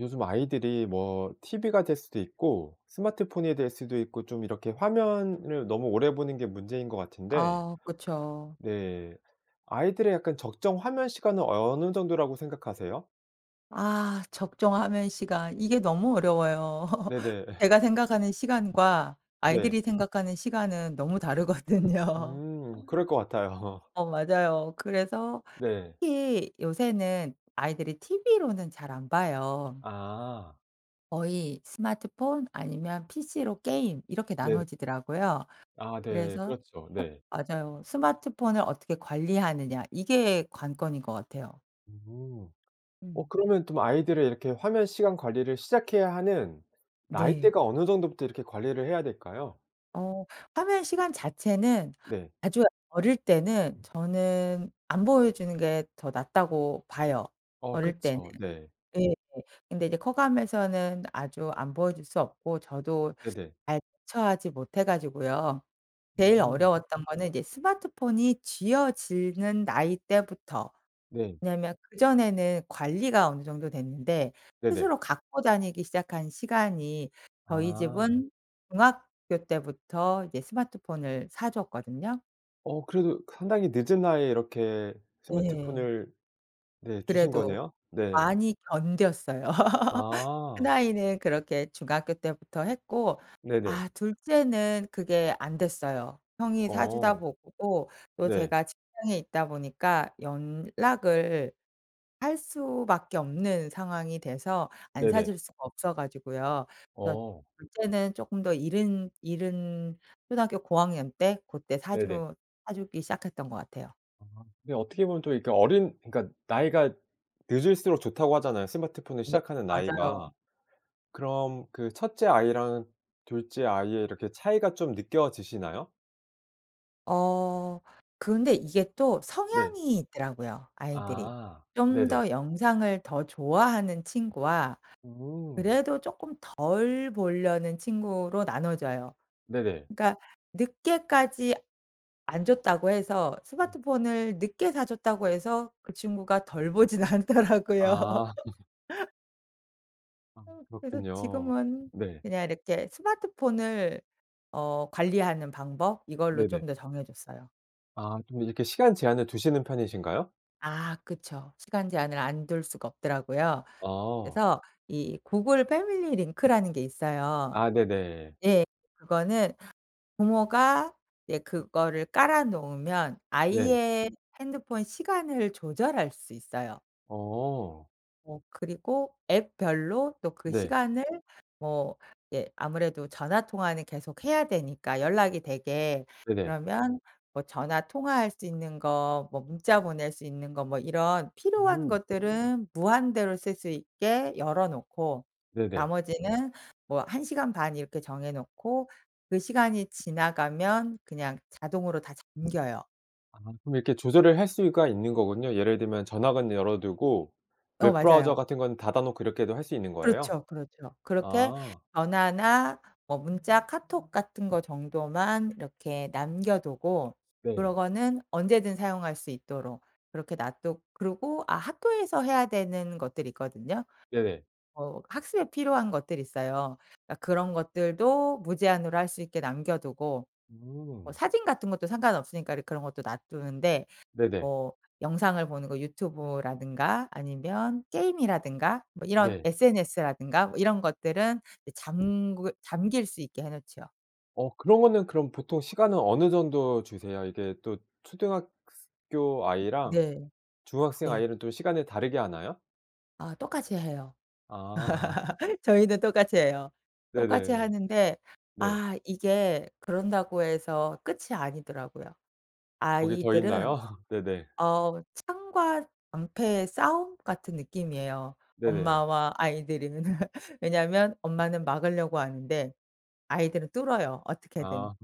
요즘 아이들이 뭐 TV가 될 수도 있고 스마트폰이 될 수도 있고 좀 이렇게 화면을 너무 오래 보는 게 문제인 것 같은데 아. 그쵸. 네 아이들의 약간 적정 화면 시간은 어느 정도라고 생각하세요? 아 적정 화면 시간. 이게 너무 어려워요. 네네. 제가 생각하는 시간과 네. 아이들이 생각하는 시간은 너무 다르거든요. 음. 그럴 것 같아요. 어 맞아요. 그래서 네. 특히 요새는 아이들이 TV로는 잘 안 봐요. 아. 거의 스마트폰 아니면 PC로 게임 이렇게 네. 나눠지더라고요. 아 네. 그래서 그렇죠. 네. 어 맞아요. 스마트폰을 어떻게 관리하느냐 이게 관건인 것 같아요. 음. 어 음. 그러면 좀 아이들의 이렇게 화면 시간 관리를 시작해야 하는 네. 나이대가 어느 정도부터 이렇게 관리를 해야 될까요? 어 화면 시간 자체는 네. 아주 어릴 때는 저는 안 보여주는 게 더 낫다고 봐요 어 어릴 때는. 그쵸. 네. 예. 근데 이제 커가면서는 아주 안 보여줄 수 없고 저도 네네. 잘 대처하지 못 해 가지고요. 제일 음. 어려웠던 거는 이제 스마트폰이 쥐어지는 나이 때부터. 네. 왜냐하면 그전에는 관리가 어느 정도 됐는데 네네. 스스로 갖고 다니기 시작한 시간이 저희 아. 집은 중학교 때부터 이제 스마트폰을 사 줬거든요? 어 그래도 상당히 늦은 나이에 이렇게 예. 스마트폰을 네 주신 그래도 거네요? 네. 많이 견뎠어요. 큰 아. 아이는 그렇게 중학교 때부터 했고 네네. 아 2 째는 그게 안됐어요. 형이 사 주다 어. 보고 또 네. 제가 직장에 있다 보니까 연락을 할 수밖에 없는 상황이 돼서 안 사 네네. 줄 수가 없어 가지고요. 그래서 어. 2 째는 쪼끔 더 이른 이른 초등학교 고학년 때 그때 사 네네. 주 사 주기 시작했던 것 같아요. 아 근데 어떻게 보면 또 이렇게 어린 그니깐 나이가 늦을수록 좋다고 하잖아요 스마트폰을 네, 시작하는 맞아요. 나이가. 그럼 그 첫째 아이랑 2 째 아이의 이렇게 차이가 좀 느껴지시나요? 어 근데 이게 또 네. 성향이 있더라고요 아이들이. 아. 좀 네네. 더 영상을 더 좋아하는 친구와 음. 그래도 쪼끔 덜 보려는 친구로 나눠져요. 네네. 그러니까 늦게까지 안 줬다고 해서 네. 스마트폰을 늦게 사 줬다고 해서 그 친구가 덜 보진 않더라고요. 아. 아 어 그래서 그렇군요. 지금은 네. 그냥 이렇게 스마트폰을 어 관리하는 방법 이걸로 네네. 좀 더 정해졌어요. 아 좀 이렇게 시간 제한을 두시는 편이신가요? 아 그쵸. 시간 제한을 안 둘 수가 없더라고요. 아. 그래서 이 구글 패밀리 링크라는 게 있어요. 아 네네. 예. 그거는 부모가 예 그거를 깔아 놓으면 네. 아이의 핸드폰 시간을 조절할 수 있어요. 어. 뭐 그리고 앱 별로 또 그 네. 시간을 뭐 예 아무래도 전화 통화는 계속해야 되니까 연락이 되게 네네. 그러면 뭐 전화 통화할 수 있는 거 뭐 문자 보낼 수 있는 거 뭐 이런 필요한 오. 것들은 무한대로 쓸 수 있게 열어 놓고 네네. 나머지는 뭐 1 시간 반 이렇게 정해 놓고 그 시간이 지나가면 그냥 자동으로 다 잠겨요. 아 그럼 이렇게 조절을 할 수가 있는 거군요. 예를 들면 전화만 열어 두고 어 웹 브라우저 맞아요. 같은 건 닫아 놓고 이렇게도 할 수 있는 거예요? 그렇죠, 그렇죠. 그렇게 아. 전화나 뭐 문자, 카톡 같은 거 정도만 이렇게 남겨 두고 그런 네. 거는 언제든 사용할 수 있도록 그렇게 놔두 그리고 아 학교에서 해야 되는 것들이 있거든요. 네. 어 학습에 필요한 것들이 있어요. 그러니까 그런 것들도 무제한으로 할 수 있게 남겨 두고 뭐 음. 사진 같은 것도 상관없으니까 이제 그런 것도 놔 두는데 네네. 뭐 영상을 보는 거 유튜브라든가 아니면 게임이라든가 뭐 이런 네. SNS라든가 뭐 이런 것들은 이제 잠구 잠길 수 있게 해 놓죠. 어 그러면은 그럼 보통 시간은 어느 정도 주세요? 이게 또 초등학 스 교 아이랑 네. 중학생 네. 아이는 또 시간을 다르게 하나요? 아 똑같이 해요. 아. 저희는 똑같이 해요. 똑같이 네네. 하는데 네. 아 이게 그런다고 해서 끝이 아니더라고요. 거기 더 아이들은. 있나요. 네네. 어 창과 방패의 싸움? 같은 느낌이에요 네네. 엄마와 아이들이는. 왜냐하면 엄마는 막으려고 하는데 아이들은 뚫어요 어떻게든. 아.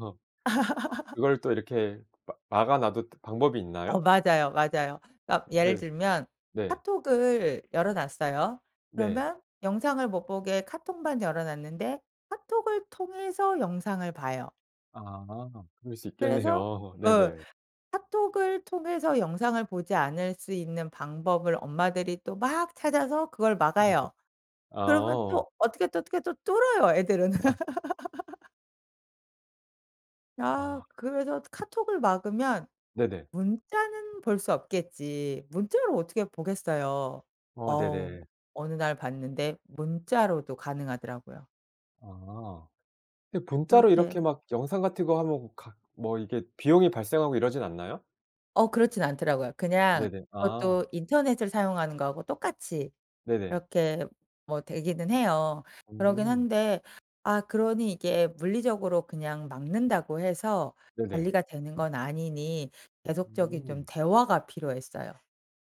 아 그걸 또 이렇게 마 막아 놔도 또 방법이 어 있나요? 맞아요, 맞아요. 어 예를 네. 들면 네. 카톡을 열어 놨어요. 네. 그러면 영상을 못 보게 카톡만 열어 놨는데 카톡을 통해서 영상을 봐요. 아. 그럴 수 그래서 있겠네요. 어 네네. 카톡을 통해서 영상을 보지 않을 수 있는 방법을 엄마들이 또 막 찾아서 그걸 음 네. 막아요. 그러면 아. 또 어떻게 또, 어떻게 또 뚫어요, 애들은. 아. 아 아. 그래서 '카톡을 막으면 네네. 문자는 볼 수 없겠지.' 문자로 어떻게 보겠어요. 어 어우 네네. 어느 날 봤는데 문자로도 가능하더라고요. 아. 근데 문자로 그렇게 이렇게 막 영상 같은 거 하면 각 뭐 이게 비용이 발생하고 이러진 않나요? 어 그렇진 않더라고요. 그냥 네네. 아. 그것도 인터넷을 사용하는 거하고 똑같이 네네. 이렇게 뭐 되기는 해요. 그러긴 음. 한데 아 그러니 이게 물리적으로 그냥 막는다고 해서 네네. 관리가 되는 건 아니니 계속적인 좀 음. 대화가 필요했어요.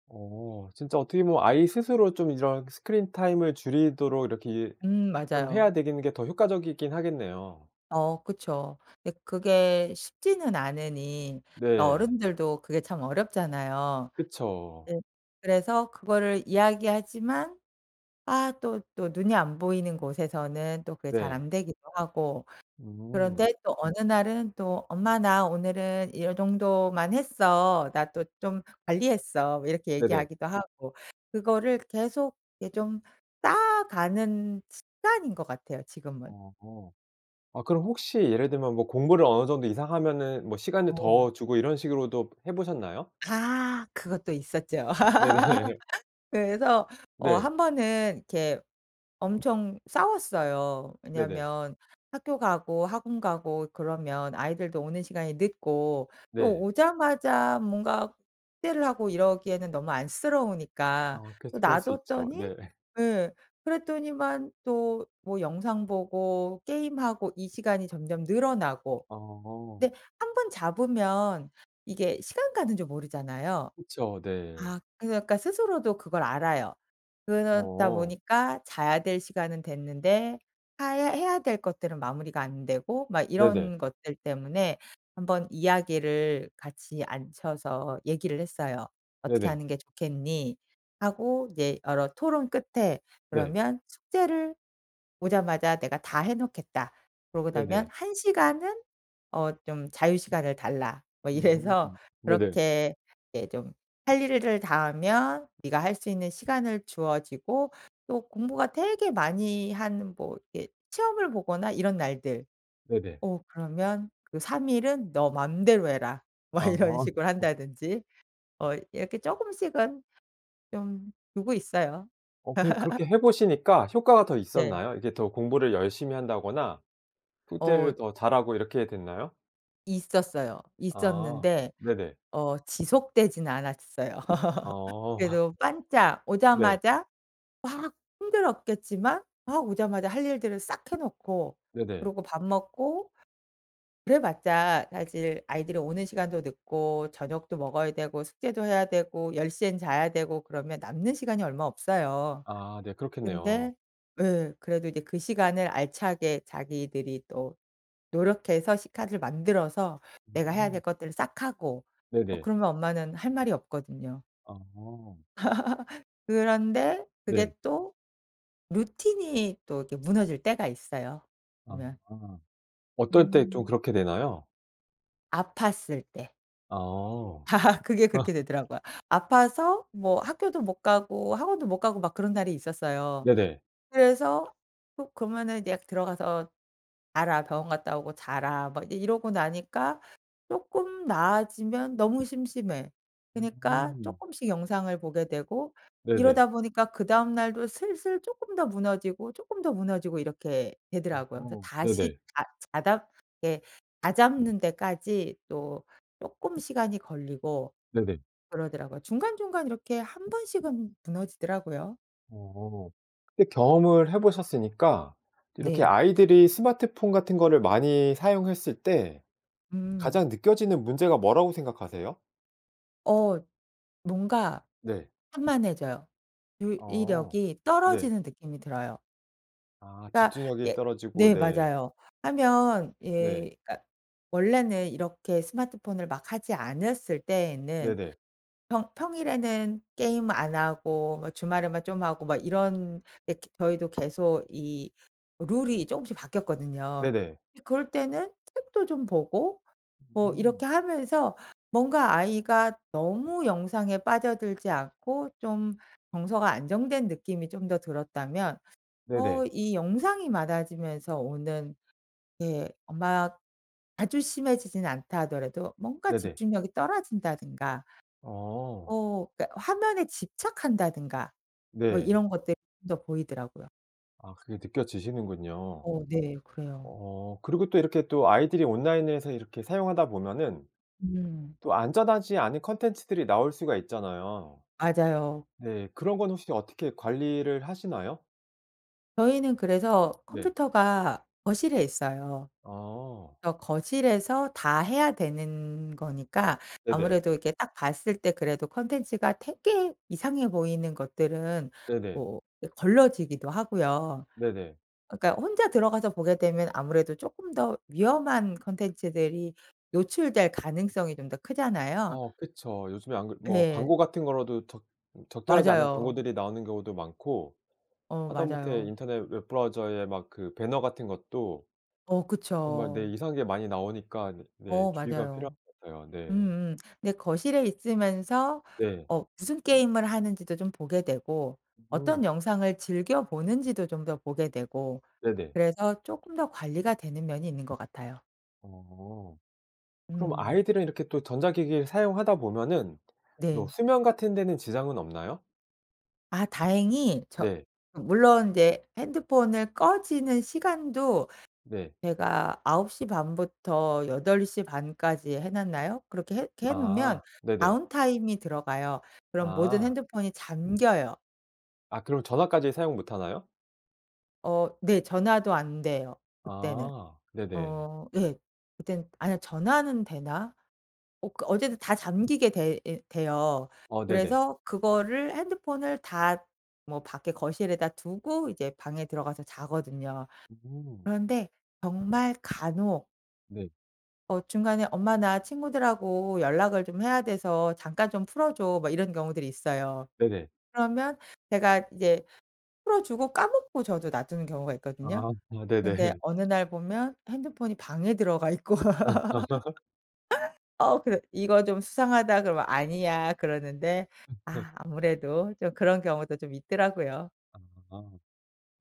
어. 진짜 어떻게 보면 아이 스스로 좀 이런 스크린 타임을 줄이도록 이렇게 일 음 좀 해야 맞아요. 되는 게 더 효과적이긴 하겠네요. 어 그쵸. 근데 그게 쉽지는 않으니 네. 어른들도 그게 참 어렵잖아요. 그쵸. 예 그래서 그거를 이야기하지만 아 또 또 눈이 안 보이는 곳에서는 또 그게 잘 네. 안 되기도 하고 음. 그런데 또 어느 날은 또 "엄마 나 오늘은 요정도만 했어. 나 또 좀 관리했어." 뭐 이렇게 네네. 얘기하기도 하고. 그거를 계속 예 좀 쌓아가는 습관인 것 같아요 지금은. 어. 아 그럼 혹시 예를 들면 뭐 공부를 어느 정도 이상 하면은 뭐 시간을 어. 더 주고 이런 식으로도 해 보셨나요? 아. 그것도 있었죠. 네네. 그래서 어 네. 1 번은 이렇게 엄청 싸웠어요. 네네. 왜냐면 학교 가고 학원 가고 그러면 아이들도 오는 시간이 늦고 또 네. 오자마자 뭔가 숙제를 하고 이러기에는 너무 안쓰러우니까 어 또 그렇지, 그럴 놔 수 있죠. 뒀더니 네. 예 그랬더니만 또 뭐 영상보고 게임하고 이 시간이 점점 늘어나고 어. 근데 1 번 잡으면 이게 시간 가는 줄 모르잖아요. 그쵸. 네. 아 그러니까 스스로도 그걸 알아요. 그러다 어. 보니까 자야 될 시간은 됐는데 하야 해야 될 것들은 마무리가 안되고 막 네네. 이런 것들 때문에 1 번 이야기를 같이 앉혀서 얘기를 했어요. "어떻게 네네. 하는 게 좋겠니?" 하고 네 여러 토론 끝에 네. 그러면 "숙제를 오자마자 내가 다 해 놓겠다. 그러고 나면 네네. 1 시간은 어 좀 자유시간을 달라." 뭐 이래서 음 네네. 그렇게 예 좀 할 일을 다 하면 네가 할 수 있는 시간을 주어지고 또 공부가 되게 많이 한 뭐 이렇게 시험을 보거나 이런 날들 네네. 어 그러면 "그 3 일은 너 맘대로 해라." 뭐 이런 아. 식으로 한다든지 어 이렇게 쪼금씩은 좀 두고 있어요. 어 그게 그렇게 해 보시니까 효과가 더 네. 있었나요? 이게 더 공부를 열심히 한다거나 숙제를 어. 더 잘 하고 이렇게 됐나요? 있었어요. 아. 있었는데 네네. 어 지속되진 않았어요. 어. 그래도 빤짝 네. 오자마자 막 힘들었겠지만 막 오자마자 할 일들을 싹 해 놓고 네네. 그러고 밥 먹고 그래봤자 사실 아이들이 오는 시간도 늦고 저녁도 먹어야 되고, 숙제도 해야 되고, 10 시엔 자야 되고 그러면 남는 시간이 얼마 없어요. 아. 네. 그렇겠네요. 근데 네 그래도 이제 그 시간을 알차게 자기들이 또 노력해서 시간을 만들어서 내가 해야 될 음. 것들을 싹 하고 어 네네. 그러면 엄마는 할 말이 없거든요. 아. 그런데 네. 그게 또 루틴이 또 이렇게 무너질 때가 있어요 아. 보면. 어떨 때 좀 음. 그렇게 되나요? 아팠을 때. 어. 그게 그렇게 되더라고요. 아파서 뭐 학교도 못 가고 학원도 못 가고 막 그런 날이 있었어요. 네네. 그래서 허 그러면은 약 "들어가서 자라. 병원 갔다 오고 자라." 막 이러고 나니까 쪼끔 나아지면 너무 심심해. 그니까 음. 쪼끔씩 영상을 보게 되고 네네. 이러다 보니까 그 다음날도 슬슬 쪼끔 더 무너지고, 쪼끔 더 무너지고 이렇게 어. 되더라고요. 그래서 다시 네네. 자 자답 예 다잡는 데까지 또 쪼끔 시간이 걸리고 네네. 그러더라고요. 중간중간 이렇게 1 번씩은 무너지더라고요. 어 근데 경험을 해 보셨으니까 이렇게 네. 아이들이 스마트폰 같은 거를 많이 사용했을 때 음. 가장 느껴지는 문제가 뭐라고 생각하세요? 어 뭔가 네. 산만해져요. 어 주의력이 네. 떨어지는 느낌이 들어요. 아 그러니까 집중력이 예 떨어지고. 네 네. 맞아요 하면 네. 예 그러니까 원래는 이렇게 스마트폰을 막 하지 않았을 때에는 네네. 평 평일에는 게임 안 하고 뭐 주말에만 좀 하고 막 이런 이렇게 저희도 계속 이 룰이 쪼금씩 바뀌었거든요. 네네. 예 그럴 때는 책도 좀 보고 뭐 이렇게 음. 하면서 뭔가 아이가 너무 영상에 빠져들지 않고 좀 정서가 안정된 느낌이 좀 더 들었다면 어 네네. 이 영상이 많아지면서 오는 네 막 아주 심해지진 않다 하더라도 뭔가 네네. 집중력이 떨어진다든가 어. 어 그러니깐 화면에 집착한다든가 뭐 네. 이런 것들 더 보이더라고요. 아 그게 느껴지시는군요. 어 네. 그래요. 어 그리고 또 이렇게 또 아이들이 온라인에서 이렇게 사용하다 보면은 음. 또 안전하지 않은 콘텐츠들이 나올 수가 있잖아요. 맞아요. 네 그런 건 혹시 어떻게 관리를 하시나요? 저희는 그래서 네. 컴퓨터가 거실에 있어요. 아. 어 거실에서 다 해야 되는 거니까 네네. 아무래도 이렇게 딱 봤을 때 그래도 콘텐츠가 되게 이상해 보이는 것들은 네네. 뭐 걸러지기도 하고요. 네네. 그러니까 혼자 들어가서 보게 되면 아무래도 쪼끔 더 위험한 컨텐츠들이 노출될 가능성이 좀 더 크잖아요. 어 그쵸. 요즘에 안 그 뭐 예. 광고 같은 거라도 적 적절하지 않은 맞아요. 광고들이 나오는 경우도 많고 어 하다못해 맞아요. 인터넷 웹 브라우저에 막 그 배너 같은 것도 어 정말 네 그쵸. 이상한 게 많이 나오니까 네. 어 주의가 필요한 맞아요. 것 같아요. 네. 음음. 근데 거실에 있으면서 네. 어 무슨 게임을 하는지도 좀 보게 되고 어떤 음. 영상을 즐겨보는지도 좀 더 보게 되고 네네. 그래서 쪼금 더 관리가 되는 면이 있는 것 같아요. 어. 그럼 음. 아이들은 이렇게 또 전자기기를 사용하다 보면은 뭐 네 수면같은 데는 지장은 없나요? 아 다행히 저 네. 물론 인제 핸드폰을 꺼지는 시간도 네. 제가 9:30 부터 8:30 까지 해 놨나요? 그렇게 해 해 놓으면 아. 네네. 다운타임이 들어가요. 그럼 모든 아. 핸드폰이 잠겨요. 아 그럼 전화까지 사용 못 하나요? 어 네. 전화도 안돼요 그때는. 아. 네네. 어 예. 그땐 아니야 전화는 되나? 어 그 어쨌든 다 잠기게 돼 예 돼요. 어 네네. 그래서 그거를 핸드폰을 다 뭐 밖에 거실에다 두고 이제 방에 들어가서 자거든요. 음. 그런데 정말 간혹 네. 어 중간에 엄마나 친구들하고 연락을 좀 해야 돼서 "잠깐 좀 풀어줘." 뭐 이런 경우들이 있어요. 네네. 그러면 제가 이제 풀어주고 까먹고 저도 놔두는 경우가 있거든요. 아 아 근데 네네. 어느 날 보면 핸드폰이 방에 들어가 있고 아. 어 그래 "이거 좀 수상하다." 그러면 "아니야." 그러는데 그쵸. 아 아무래도 좀 그런 경우도 좀 있더라고요. 아.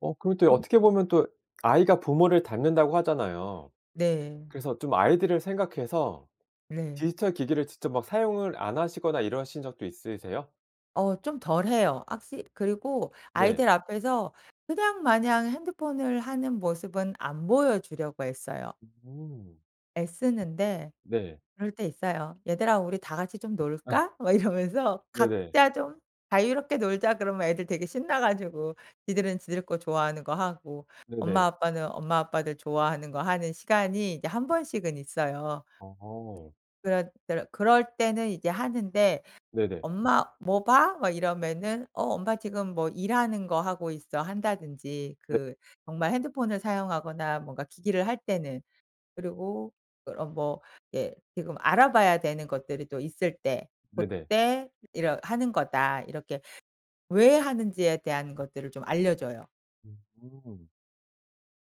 어 그럼 음. 어떻게 보면 또 아이가 부모를 닮는다고 하잖아요. 네. 그래서 좀 아이들을 생각해서 네. 디지털 기기를 직접 막 사용을 안 하시거나 이러신 적도 있으세요? 어 좀 덜 해요. 확시 그리고 네. 아이들 앞에서 그냥 마냥 핸드폰을 하는 모습은 안 보여 주려고 애써요. 음. 애쓰는데 네. 그럴 때 있어요. "얘들아 우리 다 같이 좀 아. 놀까?" 막 이러면서 네네. "각자 좀 자유롭게 놀자." 그러면 애들 되게 신나 가지고 지들은 지들 거 좋아하는 거 하고 엄마, 네네. 아빠는 엄마, 아빠들 좋아하는 거 하는 시간이 이제 1 번씩은 있어요. 어. 그럴 때르 그럴 때는 이제 하는데 네네. "엄마 뭐 봐?" 막 이러면은 "어 엄마 지금 뭐 일하는 거 하고 있어." 한다든지 네. 그 정말 핸드폰을 사용하거나 뭔가 기기를 할 때는. 그리고 그러 뭐 예 지금 알아봐야 되는 것들이 또 있을 때 네네. 고때 "이러 하는 거다." 이렇게 왜 하는지에 대한 것들을 좀 알려 줘요. 음.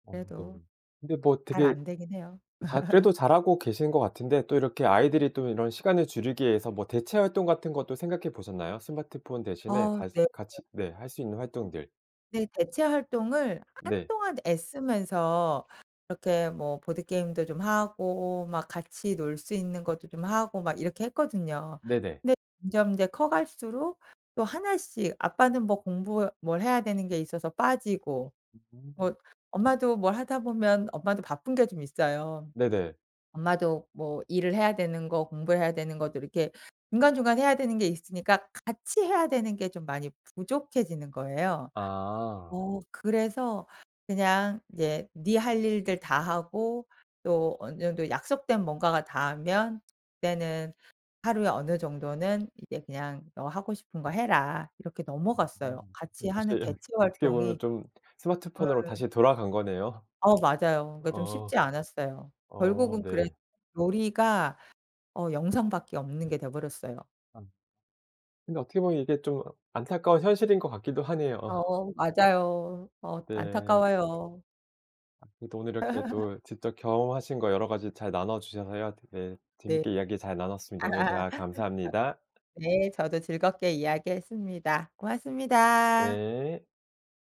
어 네. 그래도 근데 뭐 잘 되게 안 되긴 해요. 자 그래도 잘하고 계신 것 같은데 또 이렇게 아이들이 또 이런 시간을 줄이기 위해서 뭐 대체 활동 같은 것도 생각해 보셨나요? 스마트폰 대신에 아 다시 네. [unintelligible] 같이 네 할 수 있는 활동들. 근데 대체 활동을 네. 한동안 애쓰면서 이렇게 뭐 보드게임도 좀 하고 막 같이 놀 수 있는 것도 좀 하고 막 이렇게 했거든요. 네네. 근데 점점 이제 커갈수록 또 1 씩 아빠는 뭐 공부 뭘 해야 되는 게 있어서 빠지고 뭐 음. 엄마도 뭘 하다 보면 엄마도 바쁜 게 좀 있어요. 네네. 엄마도 뭐 일을 해야 되는 거 공부 해야 되는 것들 이렇게 중간중간 해야 되는 게 있으니까 같이 해야 되는 게 좀 많이 부족해지는 거예요. 아. 어 그래서 그냥 이제 네 할 일들 다하고 또 어느 정도 약속된 뭔가가 다 하면 그때는 하루에 어느 정도는 이제 그냥 "너 하고 싶은 거 해라." 이렇게 아. 넘어갔어요. 네 같이 다시 하는 대체 어떻게 활동이 보면 좀 스마트폰으로 예. 다시 돌아간 거네요. 어 맞아요. 그러니까 좀 어. 쉽지 않았어요. 어 결국은 그래 네. 놀이가 어 영상 밖에 없는 게 돼 버렸어요. 아. 근데 어떻게 보면 이게 좀 안타까운 현실인 것 같기도 하네요. 어 맞아요. 어 네. 안타까워요. 아 그래도 오늘 이렇게 또 직접 경험하신 거 여러 가지 잘 나눠 주셔서요. 되게 네. 재밌게 이야기 잘 나눴습니다. 오늘 대화 아 감사합니다. 예 저도 즐겁게 이야기했습니다. 고맙습니다. 네.